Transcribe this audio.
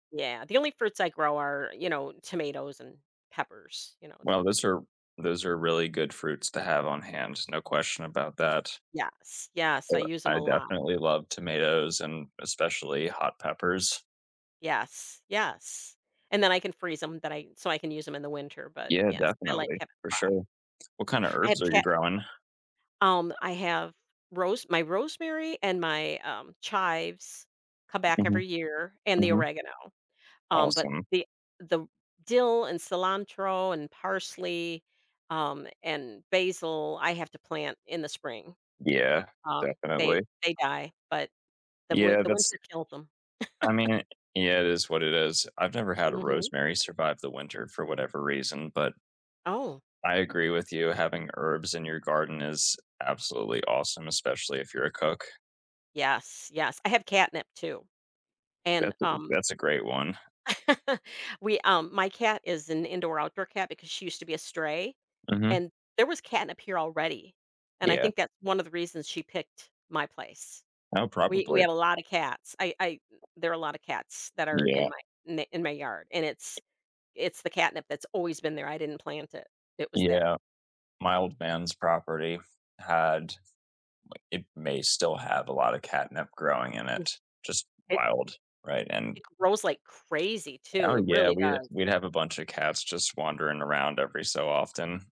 Yeah, the only fruits I grow are, you know, tomatoes and peppers, you know Well, those are those are really good fruits to have on hands, no question about that. Yes, yes. Uh, I use 'em I a lot. definitely love tomatoes and especially hot peppers. Yes, yes, and then I can freeze 'em that I so I can use 'em in the winter, but Yeah, yes, I like definitely, having for crop. sure. What kinda I have herbs are you ke growing? Um, I have rose my rosemary and my, um, chives come back Mhm. every year, and the Mhm. oregano, um, but Awesome. the the dill and cilantro and parsley, um, and basil, I have to plant in the spring, Yeah, um, they definitely. they die, but the win Yeah, the that's winter killed them. I mean, yeah, it is what it is, I've never had a Mhm. rosemary survive the winter for whatever reason, but Oh. I agree with you. Having herbs in your garden is absolutely awesome, especially if you're a cook. Yes, yes. I have catnip too, and, That's a good um that's a great one. We um, my cat is an indoor-outdoor cat because she used to be a stray, Mhm. and there was catnip here already and I Yeah. think that's one of the reasons she picked my place. Oh, We we probably. had a lotta cats. I I there are a lotta cats that are in Yeah. my ne in my yard, and it's it's the catnip that's always been there. I didn't plant it, it was there. Yeah, my old man's property had, like it may still have a lotta catnip growing in Mm, it. Just it wild, right, and It grows like crazy too, Oh, it yeah, really we'd does. we'd have a bunch of cats just wandering around every so often.